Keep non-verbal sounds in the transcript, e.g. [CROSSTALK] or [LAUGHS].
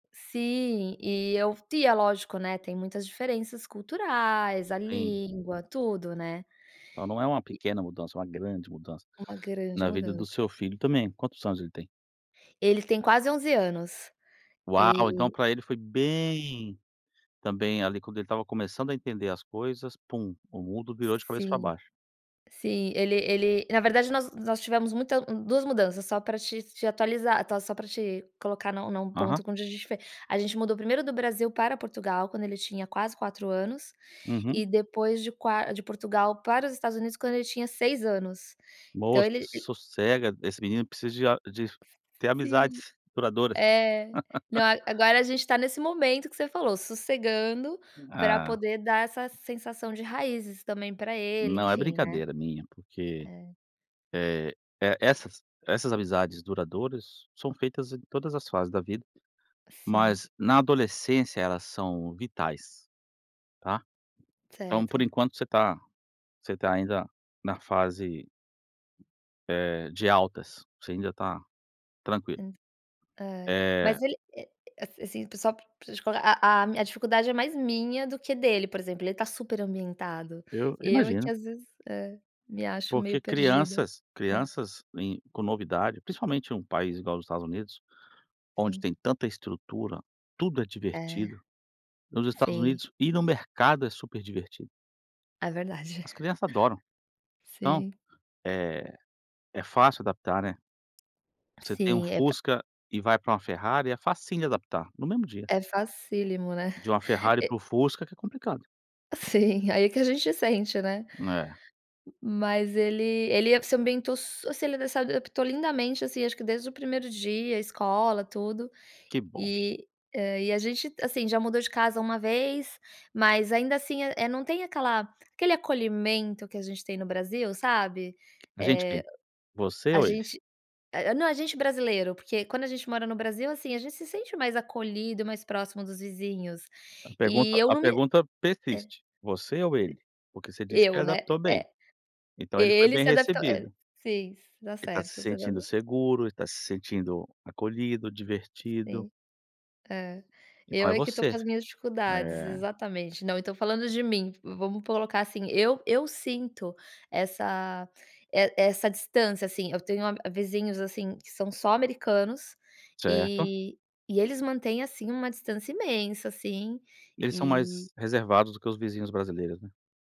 Sim, e eu é lógico, né, tem muitas diferenças culturais, a Sim. língua, tudo, né. Então não é uma E pequena mudança, uma grande mudança Uma grande na vida mudança. do seu filho também. Quantos anos ele tem? Eles têm quase 11 anos, Uau! Então e para ele foi bem também, ali, quando ele estava começando a entender as coisas, pum, o mundo virou de cabeça para Sim, baixo. sim, ele ele na verdade, nós tivemos muita 2 mudanças só pra te te atualizar, só pra te colocar num num Aham. ponto onde a gente foi a gente mudou primeiro do Brasil para Portugal quando ele tinha quase 4 anos Uhum. e depois de qua de Portugal para os Estados Unidos quando ele tinha 6 anos então Moça ele e sossega esse menino precisa a de de ter Sim, amizades duradouras. é, não, [LAUGHS] agora a gente está nesse momento que você falou sossegando pra Ah. poder dar essa sensação de raízes também pra ele, Não, é enfim, né. brincadeira minha porque É. é é S essas essas amizades duradouras são feitas em todas as fases da vida Sim. mas na adolescência elas são vitais, tá, então, por Certo. enquanto, está você está ainda na fase eh, de altas, você ainda está tranquilo. Hum, é, Eh mas ele é a assim, só pra te colocar a a a dificuldade é mais minha do que dele, por exemplo, ele está super ambientado, Eu eu é que imagino. às vezes me, é, acho meio Porque perdida, crianças é. crianças em com novidade principalmente em um país igual os Estados Unidos onde Sim. tem tanta estrutura, tudo é É, divertido, nos Estados sim. Unidos e no mercado é super divertido. É verdade. As crianças adoram, [CHUCKLES] então, Sim. eh, é fácil adaptar, né. Você tem uma Sim, é pa Fusca e vai para uma Ferrari é facinho de adaptar no mesmo dia. É, facílimo, né, De uma [CHUCKLES] Ferrari e para o Fusca que é complicado. Sim, e, aí, que a gente sente, né, É. mas ele ele se ambientou su assim, ele adaptou lindamente, assim, acho que desde o primeiro dia, escola tudo Que bom. e, ah, e a gente, assim, já mudou de casa uma vez, mas ainda assim, eh, não tem aquela aquele acolhimento que a gente tem no Brasil, sabe, A gente quem? eh, Você a ou ele? gente eh, não a gente brasileiro, porque quando a gente mora no Brasil, assim, a gente se sente mais acolhido, mais próximo dos vizinhos A e pergunta eu a não me pergunta é, persiste, você ou ele? Porque você diz que ele Eu, né, adaptou bem é, então ele foi ele bem se adaptou é, recebido. sim, você tá Ele está se certo, você tá sentindo cer seguro, ele está se sentindo acolhido, divertido. Sim, é, Então, eu é é que estou com você, as minhas dificuldades, eh exatamente. Não, então falando de mim vamos colocar assim, eu eu sinto essa eh, essa distância, assim, eu tenho a vizinhos, assim, que são só americanos Certo. e eles mantêm, assim, uma distância imensa, assim, Eles são e mais reservados do que os vizinhos brasileiros, né.